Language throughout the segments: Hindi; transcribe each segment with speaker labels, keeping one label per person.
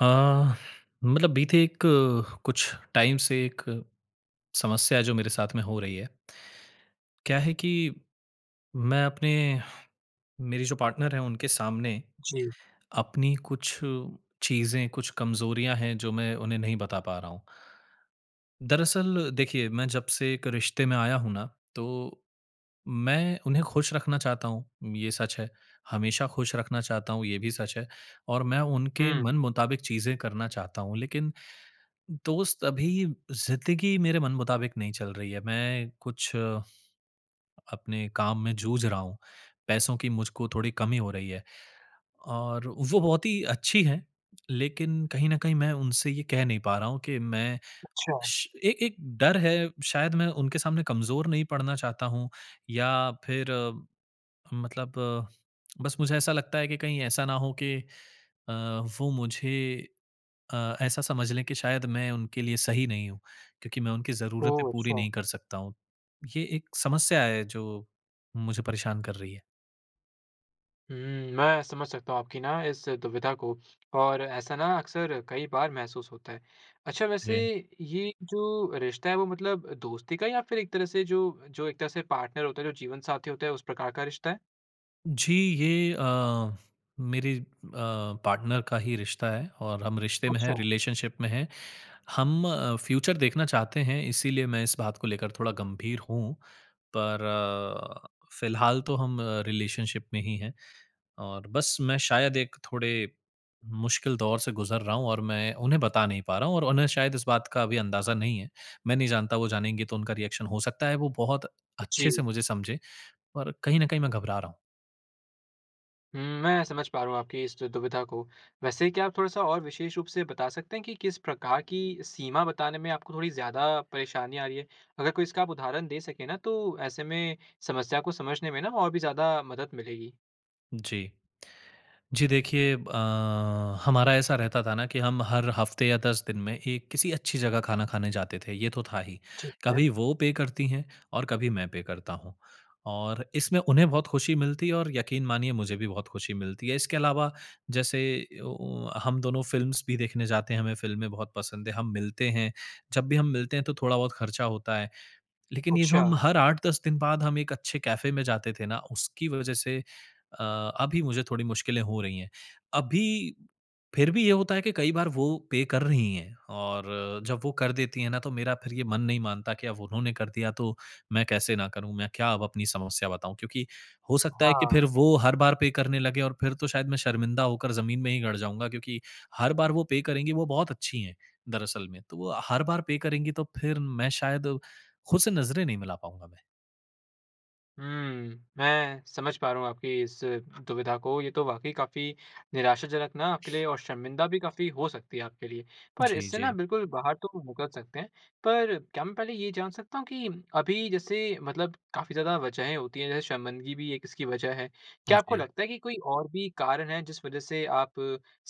Speaker 1: आह, मतलब बीते एक कुछ टाइम से एक समस्या है जो मेरे साथ में हो रही है। क्या है कि मैं अपने मेरी जो पार्टनर है उनके सामने
Speaker 2: जी।
Speaker 1: अपनी कुछ चीज़ें, कुछ कमजोरियाँ हैं जो मैं उन्हें नहीं बता पा रहा हूँ। दरअसल देखिए, मैं जब से एक रिश्ते में आया हूँ ना तो मैं उन्हें खुश रखना चाहता हूँ ये सच है। हमेशा खुश रखना चाहता हूँ ये भी सच है और मैं उनके
Speaker 2: हुँ।
Speaker 1: मनमुताबिक चीज़ें करना चाहता हूँ। लेकिन दोस्त, अभी ज़िंदगी मेरे मनमुताबिक नहीं चल रही है। मैं कुछ अपने काम में जूझ रहा हूँ। पैसों की मुझको थोड़ी कमी हो रही है। और वो बहुत ही अच्छी हैं, लेकिन कहीं न कहीं मैं उनसे ये कह नहीं पा रहा हूँ कि मैं
Speaker 2: अच्छा।
Speaker 1: श एक एक डर है शायद मैं उनके सामने कमज़ोर नहीं पड़ना चाहता हूँ या फ़िर मतलब बस मुझे ऐसा लगता है कि कहीं ऐसा ना हो कि अ, वो मुझे अ, ऐसा समझ लें कि शायद मैं उनके लिए सही नहीं हूँ क्योंकि मैं उनकी ज़रूरतें
Speaker 2: ओह!
Speaker 1: पूरी
Speaker 2: अच्छा।
Speaker 1: नहीं कर सकता हूँ। ये एक समस्या है जो मुझे परेशान कर रही है।
Speaker 2: हुँ, मैं समझ सकता हूँ आपकी ना इस दुविधा को और ऐसा ना अक्सर कई बार महसूस होता है। अच्छा, वैसे
Speaker 1: जी।
Speaker 2: ये जो रिश्ता है वो मतलब दोस्ती का है या फिर एक तरह से जो जो एक तरह से पार्टनर होता है, जो जीवन साथी होता है उस प्रकार का रिश्ता है?
Speaker 1: जी, ये अ, मेरी अ, पार्टनर का ही रिश्ता है और हम रिश्ते में हैं,
Speaker 2: अच्छा।
Speaker 1: रिलेशनशिप में हैं। हम अ, फ्यूचर देखना चाहते हैं इसलिए मैं इस बात को लेकर थोड़ा गंभीर हूँ। पर अ, फिलहाल तो हम रिलेशनशिप में ही हैं और बस मैं शायद एक थोड़े मुश्किल दौर से गुज़र रहा हूँ और मैं उन्हें बता नहीं पा रहा हूँ और उन्हें शायद इस बात का अभी अंदाज़ा नहीं है। मैं नहीं जानता वो जानेंगी तो उनका रिएक्शन हो सकता है वो बहुत अच्छे
Speaker 2: जी।
Speaker 1: से मुझे समझे, और कहीं न कहीं मैं घबरा रहा हूँ।
Speaker 2: हुँ। मैं समझ पा रहा हूँ आपकी इस दुविधा को। वैसे क्या आप थोड़ा-सा और विशेष रूप से बता सकते है कि किस प्रकार की सीमा बताने में आपको थोड़ी ज़्यादा परेशानी आ रही है? अगर कोई इसका आप उदाहरण दे सके ना तो ऐसे में समस्या को समझने में ना और भी ज़्यादा मदद मिलेगी।
Speaker 1: जी। जी, देखिए अ, हमारा ऐसा रहता था ना कि हम हर हफ्ते या 10 दिन में एक किसी अच्छी जगह खाना खाने जाते थे, ये तो था ही,
Speaker 2: ठीक है।
Speaker 1: कभी वो पे करती हैं और कभी मैं पे करता हूँ और इसमें उन्हें बहुत खुशी मिलती है और यकीन मानिए मुझे भी बहुत खुशी मिलती है। इसके अलावा जैसे ओ ओ हम दोनों फिल्म्स भी देखने जाते हैं, हमें फिल्में बहुत पसंद है, हम मिलते हैं, जब भी हम मिलते हैं तो थोड़ा-बहुत खर्चा होता है। लेकिन ये जो
Speaker 2: अच्छा।
Speaker 1: हम हर 8-10 दिन बाद हम एक अच्छे कैफ़े में जाते थे ना, उसकी वजह से अ, अभी मुझे थोड़ी मुश्किलें हो रही है। अभी, फिर भी ये होता है कि कई बार वो पे कर रहीं है, और जब वो कर देती है ना तो मेरा फिर ये मन नहीं मानता कि अब उन्होंने कर दिया तो मैं कैसे ना करूँ? मैं क्या अब अपनी समस्या बताऊँ क्योंकि हो सकता है कि फिर
Speaker 2: हाँ।
Speaker 1: वो हर बार पे करने लगे और फिर तो शायद मैं शर्मिंदा होकर ज़मीन में ही गड़ जाऊँगा क्योंकि हर बार वो पे करेंगी वो बहुत अच्छी हैं दरअसल में, तो वो हर बार पे करेंगी तो फिर मैं शायद खुद से नज़रे नहीं मिला पाऊँगा मैं।
Speaker 2: हम्म, मैं समझ पा रहा हूँ, आपकी इस दुविधा को ये तो वाक़ई काफ़ी निराशाजनक ना आपके लिए और शर्मिंदा भी काफ़ी हो सकती है आपके लिए। पर
Speaker 1: जी,
Speaker 2: इससे ना
Speaker 1: जी।
Speaker 2: बिल्कुल बाहर तो निकल सकते हैं, पर क्या मैं पहले ये जान सकता हूँ कि अभी जैसे मतलब काफ़ी ज़्यादा वजहें होती हैं, जैसे शर्मिंदगी भी एक इसकी वजह है। क्या आपको
Speaker 1: जी।
Speaker 2: लगता है कि कोई और भी कारण हैं, जिस वजह से आप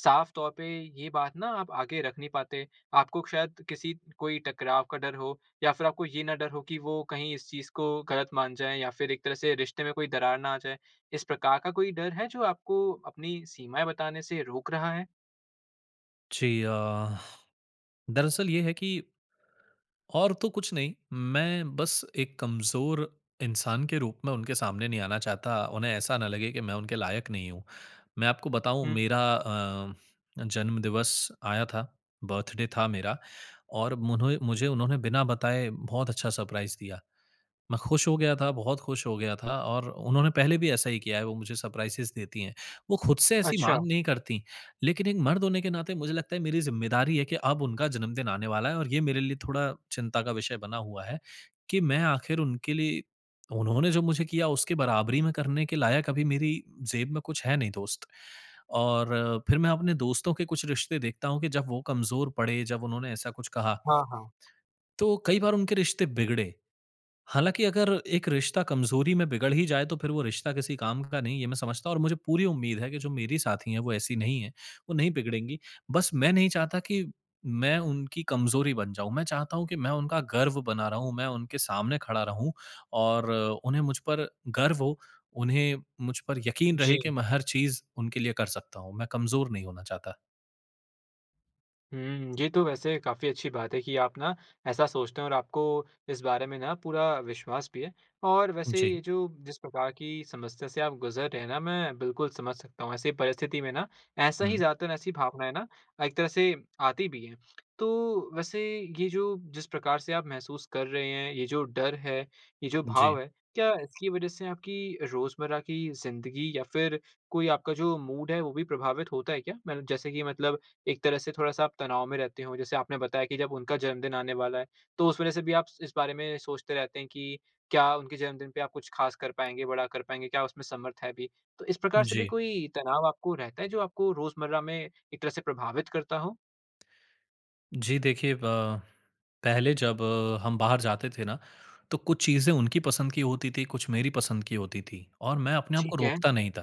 Speaker 2: साफ़ तौर पे ये बात ना आप आगे रख नहीं पाते? आपको शायद किसी कोई टकराव का डर हो या फिर आपको ये ना डर हो कि वो कहीं इस चीज़ को गलत मान जाएँ या फिर एक तरह से रिश्ते में कोई दरार ना आ जाए, इस प्रकार का कोई डर है जो आपको अपनी सीमाएँ बताने से रोक रहा है?
Speaker 1: जी। अ, दरअसल ये है कि और तो कुछ नहीं मैं बस एक कमज़ोर इंसान के रूप में उनके सामने नहीं आना चाहता, उन्हें ऐसा ना लगे कि मैं उनके लायक नहीं हूँ। मैं आपको बताऊँ
Speaker 2: हुँ।
Speaker 1: मेरा अ, जन्म दिवस आया था, बर्थडे था मेरा और मुने मुझे उन्होंने बिना बताए बहुत अच्छा सरप्राइज़ दिया। मैं खुश हो गया था, बहुत खुश हो गया था। और उन्होंने पहले भी ऐसा ही किया है, वो मुझे सरप्राइसेस देतीं हैं। वो खुद से ऐसी
Speaker 2: अच्छा।
Speaker 1: माँग नहीं करतीं, लेकिन एक मर्द होने के नाते मुझे लगता है मेरी जिम्मेदारी है कि अब उनका जन्मदिन आने वाला है, और ये मेरे लिए थोड़ा चिंता का विषय बना हुआ है कि मैं आखिर उनके लिए उन्होंने जो मुझे किया उसकी बराबरी में करने के लायक अभी मेरी ज़ेब में कुछ है नहीं दोस्त। और फिर मैं अपने दोस्तों के कुछ रिश्ते देखता हूँ कि जब वो कमज़ोर पड़े, जब उन्होंने ऐसा कुछ कहा,
Speaker 2: हाँ, हाँ।
Speaker 1: तो कई बार उनके रिश्ते बिगड़े, हालाँकि अगर एक रिश्ता कमज़ोरी में बिगड़ ही जाए तो फिर वो रिश्ता किसी काम का नहीं ये मैं समझता हूँ। और मुझे पूरी उम्मीद है कि जो मेरी साथी हैं वो ऐसी नहीं हैं, वो नहीं बिगड़ेंगी, बस मैं नहीं चाहता कि मैं उनकी कमज़ोरी बन जाऊँ। मैं चाहता हूँ कि मैं उनका गर्व बना रहूँ, मैं उनके सामने खड़ा रहूँ और उन्हें मुझ पर गर्व हो, उन्हें मुझ पर यकीन रहे कि
Speaker 2: जी।
Speaker 1: मैं हर चीज़ उनके लिए कर सकता हूँ, मैं कमज़ोर नहीं होना चाहता।
Speaker 2: हुँ। ये तो वैसे काफ़ी अच्छी बात है कि आप ना ऐसा सोचते हैं और आपको इस बारे में ना पूरा विश्वास भी है। और वैसे ये
Speaker 1: जी।
Speaker 2: जो जिस प्रकार की समस्या से आप गुज़र रहे हैं ना मैं बिल्कुल समझ सकता हूँ। ऐसी परिस्थिति में ना ऐसा ही
Speaker 1: हुँ।
Speaker 2: ज़्यादातर ऐसी भावनाएँ ना एक तरह से आती भी है। तो वैसे ये जो जिस प्रकार से आप महसूस कर रहे हैं, ये जो डर है, ये जो
Speaker 1: जी।
Speaker 2: भाव है, क्या इसकी इस वज़ह से आपकी रोज़मर्रा की ज़िन्दगी या फिर कोई आपका जो मूड है वो भी प्रभावित होता है क्या? मल जैसे कि मतलब एक तरह से थोड़ा-सा आप तनाव में रहते हो? जैसे आपने बताया कि जब उनका जन्मदिन आने वाला है, तो उस वज़ह से भी आप स इस बारे में सोचते रहते हैं कि क्या उनके जन्मदिन पे आप कुछ खास कर पाएँगे, बड़ा कर पाएँगे, क्या उसमें समर्थ है भी? तो इस प्रकार से भी
Speaker 1: जी।
Speaker 2: कोई तनाव आपको रहता है जो आपको रोज़मर्रा में एक तरह से प्रभावित करता हो?
Speaker 1: जी देखिए ब पहले जब हम बाहर जाते थे ना तो कुछ चीज़ें उनकी पसंद की होती थी, कुछ मेरी पसंद की होती थी और मैं अपने आप को
Speaker 2: ठीक है।
Speaker 1: रोकता नहीं था।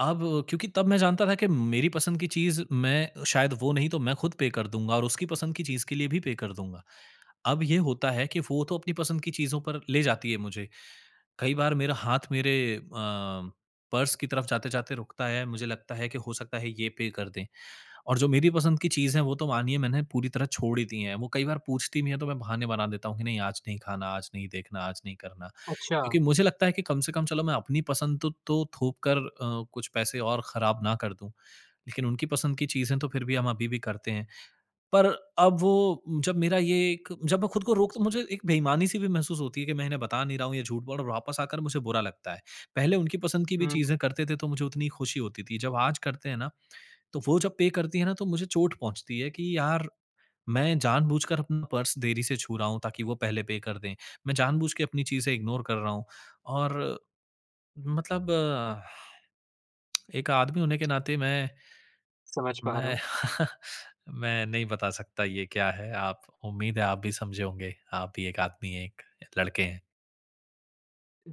Speaker 1: अब क्योंकि तब मैं जानता था कि मेरी पसंद की चीज़ मैं शायद वो नहीं तो मैं खुद पे कर दूँगा और उसकी पसंद की चीज़ के लिए भी पे कर दूँगा। अब ये होता है कि वो तो अपनी पसंद की चीज़ों पर ले जाती है मुझे। कई बार मेरा हाथ मेरे अ, पर्स की तरफ़ जाते-जाते रुकता है। मुझे लगता है कि हो सकता है ये पे कर दें। और जो मेरी पसंद की चीज़ है वो तो मानिए मैंने पूरी तरह छोड़ ही दी है। वो कई बार पूछती भी है तो मैं बहाने बना देता हूँ कि नहीं आज नहीं खाना, आज नहीं देखना, आज नहीं करना। क्योंकि
Speaker 2: अच्छा।
Speaker 1: मुझे लगता है कि कम से कम चलो मैं अपनी पसंद तो तो थोप कर अ, कुछ पैसे और खराब ना कर दूँ। लेकिन उनकी पसंद की चीज़ें तो फिर भी हम अभी भी करते हैं। पर अब वो जब मेरा ये एक जब मैं खुद को रोकता मुझे एक बेईमानी-सी भी महसूस होती है कि मैं इन्हें बता नहीं रहा हूँ ये झूठ बोल र वापस आकर मुझे बुरा लगता है। पहले उनकी पसंद की भी
Speaker 2: हुँ।
Speaker 1: चीज़ें करते थे तो मुझे उतनी खुशी होती थी। जब आज करते हैं ना तो वो जब पे करती है ना तो मुझे चोट पहुँचती है, कि यार मैं जानबूझकर अपना पर्स देरी से छू रहा हूँ ताकि वो पहले पे कर दें। मैं जानबूझके अपनी चीज़ें इग्नोर कर रहा हूँ। और मतलब एक आदमी होने के नाते मैं,
Speaker 2: समझ पा रहा
Speaker 1: मैं
Speaker 2: हूँ।
Speaker 1: मैं नहीं बता सकता ये क्या है। आप उम्मीद है आप भी समझे होंगे। आप भी एक आदमी है, एक लड़के हैं।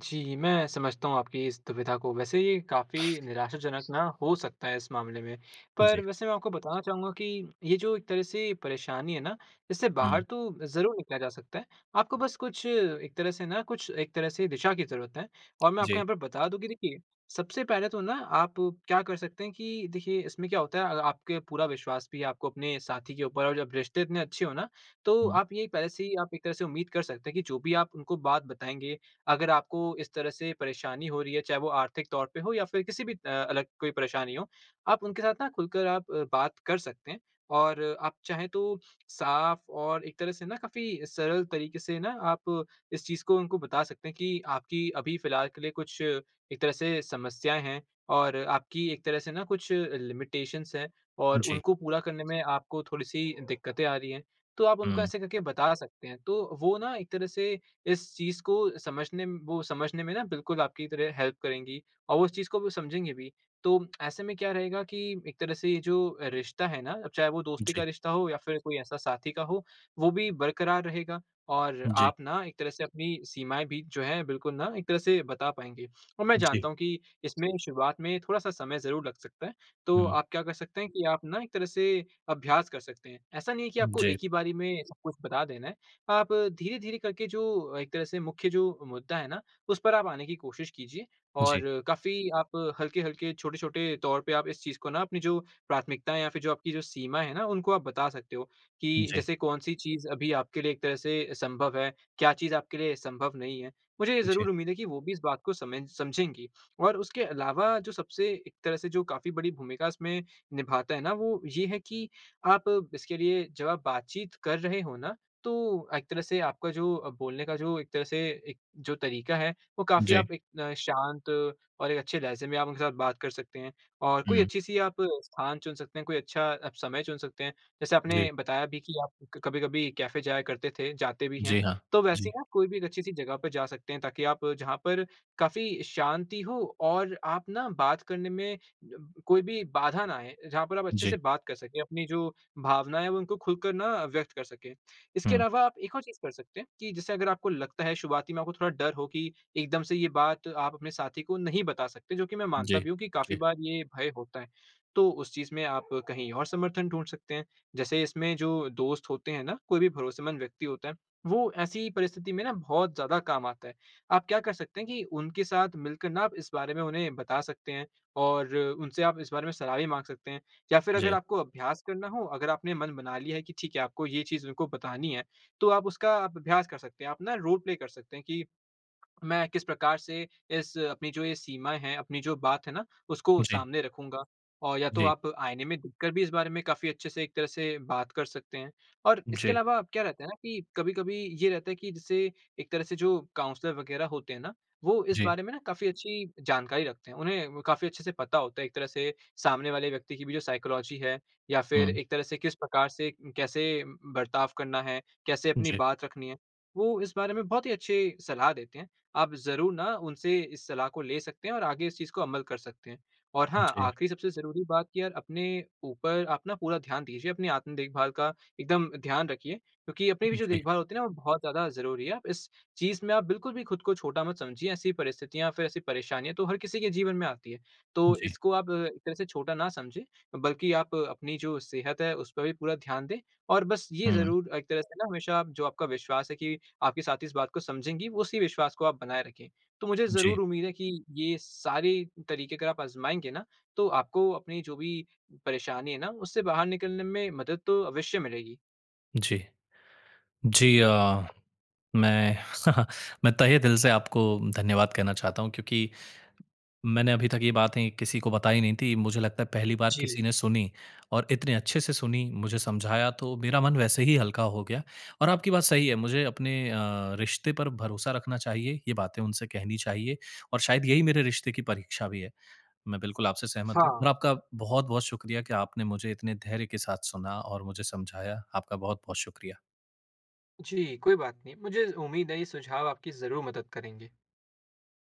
Speaker 2: जी, मैं समझता हूँ आपकी इस दुविधा को। वैसे ये काफ़ी निराशाजनक ना हो सकता है इस मामले में। पर
Speaker 1: जी।
Speaker 2: वैसे मैं आपको बताना चाहूँगा कि ये जो एक तरह से परेशानी है ना इससे बाहर
Speaker 1: हुँ।
Speaker 2: तो ज़रूर निकला जा सकता है, आपको बस कुछ एक तरह से ना कुछ एक तरह से दिशा की ज़रूरत है। और मैं आपको
Speaker 1: जी।
Speaker 2: यहाँ पर बता दूँ कि देखिए सबसे पहले तो ना आप क्या कर सकते हैं कि देखिए इसमें क्या होता है अ आपके पूरा विश्वास भी आपको अपने साथी के ऊपर और जब रिश्ते इतने अच्छे हो ना तो
Speaker 1: हुँ।
Speaker 2: आप ये पहले से ही आप एक तरह से उम्मीद कर सकते हैं कि जो भी आप उनको बात बताएँगे, अगर आपको इस तरह से परेशानी हो रही है, चाहे वो आर्थिक तौर पे हो या फिर किसी भी अ, अलग कोई परेशानी हो, आप उनके साथ ना खुलकर आप बात कर सकते हैं। और आप चाहें तो साफ़ और एक तरह से ना काफ़ी सरल तरीके से ना आप इस चीज़ को उनको बता सकते हैं कि आपकी अभी फ़िलहाल के लिए कुछ एक तरह से समस्याएँ हैं और आपकी एक तरह से ना कुछ लिमिटेशंस है और
Speaker 1: जी।
Speaker 2: उनको पूरा करने में आपको थोड़ी सी दिक्क़तें आ रहीं हैं। तो आप उनको
Speaker 1: हुँ।
Speaker 2: ऐसे करके बता सकते हैं। तो वो ना एक तरह से इस चीज़ को समझने म वो समझने में ना बिल्कुल आपकी तरह हेल्प करेंगी। और वो उस चीज़ को समझेंगे भी। तो ऐसे में क्या रहेगा कि एक तरह से ये जो रिश्ता है ना चाहे वो दोस्ती का
Speaker 1: जी।
Speaker 2: रिश्ता हो या फिर कोई ऐसा साथी का हो वो भी बरकरार रहेगा। और
Speaker 1: जी।
Speaker 2: आप ना एक तरह से अपनी सीमाएँ भी जो हैं बिल्कुल ना एक तरह से बता पाएँगे। और मैं
Speaker 1: जी।
Speaker 2: जानता हूँ कि इसमें शुरुआत में थोड़ा सा समय ज़रूर लग सकता है। तो
Speaker 1: हुँ।
Speaker 2: आप क्या कर सकते हैं कि आप ना एक तरह से अभ्यास कर सकते हैं। ऐसा नहीं है कि आपको
Speaker 1: जी।
Speaker 2: एक ही बारी में सब कुछ बता देना है। आप धीरे-धीरे करके जो एक तरह से मुख्य जो मुद्दा है ना, उस पर आप आने की कोशिश कीजिए। और
Speaker 1: जी।
Speaker 2: काफ़ी आप हल्के-हल्के, छोटे-छोटे तौर पे आप इस चीज़ को ना अपनी जो प्राथमिकताएँ या फिर जो आपकी जो सीमा हैं ना, उनको आप बता सकते हो। कि
Speaker 1: जी।
Speaker 2: जैसे कौन सी चीज़ अभी आपके लिए एक तरह से संभव है। क्या चीज़ आपके लिए संभव नहीं है। मुझे ये
Speaker 1: जी।
Speaker 2: ज़रूर उम्मीद है कि वो भी इस बात को समय समझेंगी। और उसके अलावा जो सबसे एक तरह से जो काफ़ी बड़ी भूमिका इसमें निभाता है ना वो ये है कि आप इसके लिए जब आप बातचीत कर रहे हो ना, तो एक तरह से आपका जो अ, बोलने का जो एक तरह से एक जो तरीका है, वो काफ़ी
Speaker 1: जी।
Speaker 2: आप एक शांत और एक अच्छे लहज़े में आप उनके साथ बात कर सकते हैं। और कोई
Speaker 1: हुँ।
Speaker 2: अच्छी सी आप स्थान चुन सकते हैं, कोई अच्छा समय चुन सकते हैं। जैसे
Speaker 1: जी।
Speaker 2: आपने बताया भी की आप कभी-कभी कैफ़े जाया करते थे, जाते भी हैं।
Speaker 1: जी हाँ।
Speaker 2: तो वैसे ही
Speaker 1: जी।
Speaker 2: ना आप कोई भी एक अच्छी सी जगह पे जा सकते हैं ताकि आप जहाँ पर काफ़ी शांति हो और आप ना बात करने में ब कोई भी बाधा ना आये। जहाँ पर आप अच्छे
Speaker 1: जी।
Speaker 2: से बात कर सकें, अपनी जो भावनाएँ हैं वो उनको खुल कर ना व्यक्त कर सकें। इसके
Speaker 1: हुँ।
Speaker 2: अलावा आप एक और चीज़ कर सकते हैं कि जैसे अगर आपको लगता है शुरुआती में आपको थोड़ा डर हो कि एकदम से ये बात आप अपने साथी को नहीं बता सकते, जो कि मैं मानता
Speaker 1: जी।
Speaker 2: भी हूँ कि काफ़ी
Speaker 1: जी।
Speaker 2: बार ये भय होता है। तो उस चीज़ में आप कहीं और समर्थन ढूँढ सकते हैं। जैसे इसमें जो दोस्त होते हैं ना, कोई भी भरोसेमंद व्यक्ति होता है, वो ऐसी परिस्थिति में ना बहुत ज़्यादा काम आता है। आप क्या कर सकते हैं कि उनके साथ मिलकर ना आप इस बारे में उन्हें बता सकते हैं और उनसे आप इस बारे में सलाह भी माँग सकते हैं या फिर अगर
Speaker 1: जी।
Speaker 2: आपको अभ्यास करना हो, अगर आपने मन बना लिया है कि ठीक है आपको ये चीज़ उनको बतानी है तो आप उसका आप अभ्यास कर सकते हैं। आप अपना रोल प्ले कर सकते हैं कि मैं किस प्रकार से इस अपनी जो ये सीमाएँ हैं, अपनी जो बात है ना, उसको
Speaker 1: जी।
Speaker 2: सामने रखूँगा? और या तो
Speaker 1: जी।
Speaker 2: आप आईने में देखकर भी इस बारे में काफ़ी अच्छे से एक तरह से बात कर सकते हैं। और इसके
Speaker 1: जी।
Speaker 2: अलावा क्या रहता है ना कि कभी-कभी ये रहता है कि जैसे एक तरह से जो काउंसलर वग़ेेरह होते है ना, वो इस
Speaker 1: जी।
Speaker 2: बारे में ना काफ़ी अच्छी जानकारी रखते हैं। उन्हें काफ़ी अच्छे से पता होता है एक तरह से सामने वाले व्यक्ति की भी जो साइकोलॉजी है, या फिर
Speaker 1: हुँ।
Speaker 2: एक तरह जैसे किस प्रकार से कैसे बर्ताव करना है? कैसे अपनी
Speaker 1: जी।
Speaker 2: बात रखनी है? वो इस बारे में बहुत ही अच्छी सलाह देते हैं। आप ज़रूर ना उनसे इस सलाह को ले सकते हैं और आगे इस चीज़ को अमल कर सकते हैं। और हाँ,
Speaker 1: जी।
Speaker 2: आखिरी सबसे ज़रूरी बात कि यार अपने ऊपर आप अपना पूरा ध्यान दीजिए अपनी, आत्म-देखभाल का एकदम ध्यान रखिए। क्योंकि अपनी भी जो
Speaker 1: जी।
Speaker 2: देखभाल होती है ना वो बहुत ज्यादा ज़रूरी है। आप इस चीज़ में आप बिल्कुल भी ख़ुद को छोटा मत समझिए। ऐसी परिस्थितियाँ या फिर ऐसी परेशानी है, तो हर किसी के जीवन में आती है। तो
Speaker 1: जी।
Speaker 2: इसको आप एक तरह से छोटा ना समझें बल्कि आप अपनी जो सेहत है उसपे भी पूरा ध्यान दें। और बस ये
Speaker 1: हुँ।
Speaker 2: ज़रूर एक तरह से ना हमेशा जो आपका विश्वास है कि आपके साथी इस बात को समझेंगी, उसी विश्वास को आप बनाएँ रखें। तो मुझे ज़रूर
Speaker 1: जी।
Speaker 2: उम्मीद है कि ये सारे तरीके अगर आप आज़माएँगे ना, तो आपको अपनी जो भी परेशानी है ना, उससे बाहर निकलने में मदद तो अवश्य मिलेगी।
Speaker 1: जी। जी अ, मैं मैं तहे दिल से आपको धन्यवाद कहना चाहता हूँ क्योंकि मैंने अभी तक ये बातें किसी को बताई नहीं थीं। मुझे लगता है पहली बार
Speaker 2: जी।
Speaker 1: किसी ने सुनी और इतने अच्छे से सुनी, मुझे समझाया तो मेरा मन वैसे ही हल्का हो गया। और आपकी बात सही है मुझे अपने अ, रिश्ते पर भरोसा रखना चाहिए, ये बातें उनसे कहनी चाहिए और शायद यही मेरे रिश्ते की परीक्षा भी है। मैं बिल्कुल आपसे सहमत हूँ और
Speaker 2: हाँ।
Speaker 1: आपका बहुत-बहुत शुक्रिया कि आपने मुझे इतने धैर्य के साथ सुना और मुझे समझाया। आपका बहुत-बहुत शुक्रिया।
Speaker 2: जी कोई बात नहीं। मुझे उम्मीद है ये सुझाव आपकी ज़रूर मदद करेंगे।